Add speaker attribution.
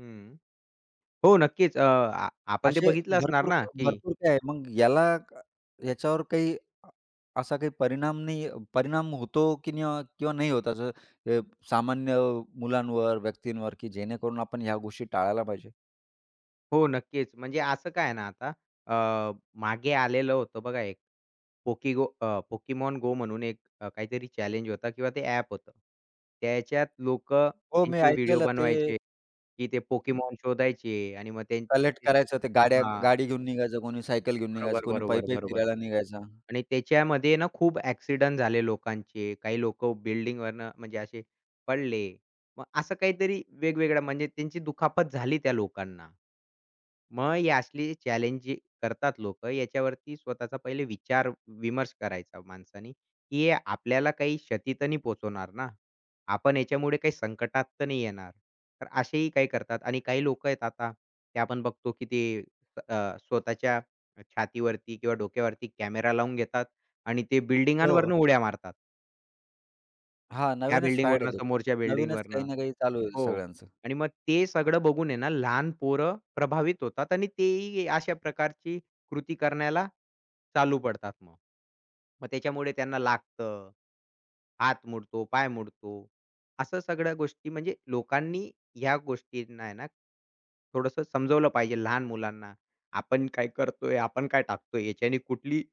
Speaker 1: हं, हो, नक्कीच. अ, आ आपण ते
Speaker 2: असे
Speaker 1: बघितलं असणार
Speaker 2: भरपूर
Speaker 1: ना
Speaker 2: क
Speaker 1: की
Speaker 2: भरपूर काय आहे. मग याला याच्यावर काही अ, असा काही परिणाम नाही परिणाम होतो की नाही हो किंवा नाही होत, असं अ, सामान्य मुलांवर, व्यक्तींवर की जेणेकरून आपण ह्या गोष्टी टाळायला पाहिजे?
Speaker 1: हो, नक्कीच, म्हणजे असं काय आहे ना आता, अ, मागे आलेलं होतं बघा एक, पोकिगो अ, पोकेमॉन गो म्हणून एक काहीतरी चॅलेंज होता किंवा ते ॲप होतं. त्याच्यात लोक
Speaker 2: हो, मी
Speaker 1: त्यांचे व्हिडिओ
Speaker 2: ऐकलेलं ते
Speaker 1: बनवायचे, की ते
Speaker 2: हं.
Speaker 1: पोकेमॉन शोधायचे आणि मग ते
Speaker 2: कलेक्ट
Speaker 1: [unintelligible]
Speaker 2: करायचं ते गाड्या
Speaker 1: हां.
Speaker 2: गाडी घेऊन, निघायचं कोणी सायकल घेऊन निघायचं,
Speaker 1: बरोबर,
Speaker 2: कोणी
Speaker 1: बरोबर,
Speaker 2: पायी-पायी
Speaker 1: बरोबर
Speaker 2: फिरायला निघायचं.
Speaker 1: आणि त्याच्यामध्ये ना खूप अ‍ॅक्सिडेंट झाले लोकांचे. काही लोक बिल्डिंगवरनं म्हणजे असे पडले. मग असं काहीतरी वेगवेगळं म्हणजे त्यांची दुखापत झाली त्या लोकांना. मग ही असली चॅलेंज करतात लोक. याच्यावरती स्वतःचा पहिले विचारविमर्श करायचा माणसानी, की हे आपल्याला काही क्षती तर नाही पोहचवणार ना? आपण ह्याच्यामुळे काही संकटात तर नाही येणार? तर असेही काही करतात आणि काही लोक आहेत आता, ते आपण बघतो की ते अ, स्वतःच्या अ, छातीवरती किंवा डोक्यावरती कॅमेरा लावून घेतात आणि ते
Speaker 2: हो.
Speaker 1: बिल्डिंगांवरून उड्या मारतात.
Speaker 2: हां,
Speaker 1: या
Speaker 2: नवीनच फॅड आहे
Speaker 1: बिल्डिंगवरन,
Speaker 2: त्याचं.
Speaker 1: समोरच्या
Speaker 2: नवीनच
Speaker 1: बिल्डिंगवरन.
Speaker 2: काही ना काही चालू होईल
Speaker 1: हो
Speaker 2: सगळ्यांचं.
Speaker 1: आणि मग ते सगळं बघून आहे ना लहान पोरं प्रभावित होतात आणि तेही अशा प्रकारची कृती करण्याला चालू पडतात मग. मग त्याच्यामुळे त्यांना लागतं, हात मोडतो, पाय मोडतो. अशा सगळ्या गोष्टी म्हणजे लोकांनी ह्या गोष्टींना आहे ना, थोडसं समजलं पाहिजे. लहान मुलांना आपण काय करतोय? आपण काय टाकतोय? याच्याने कुठली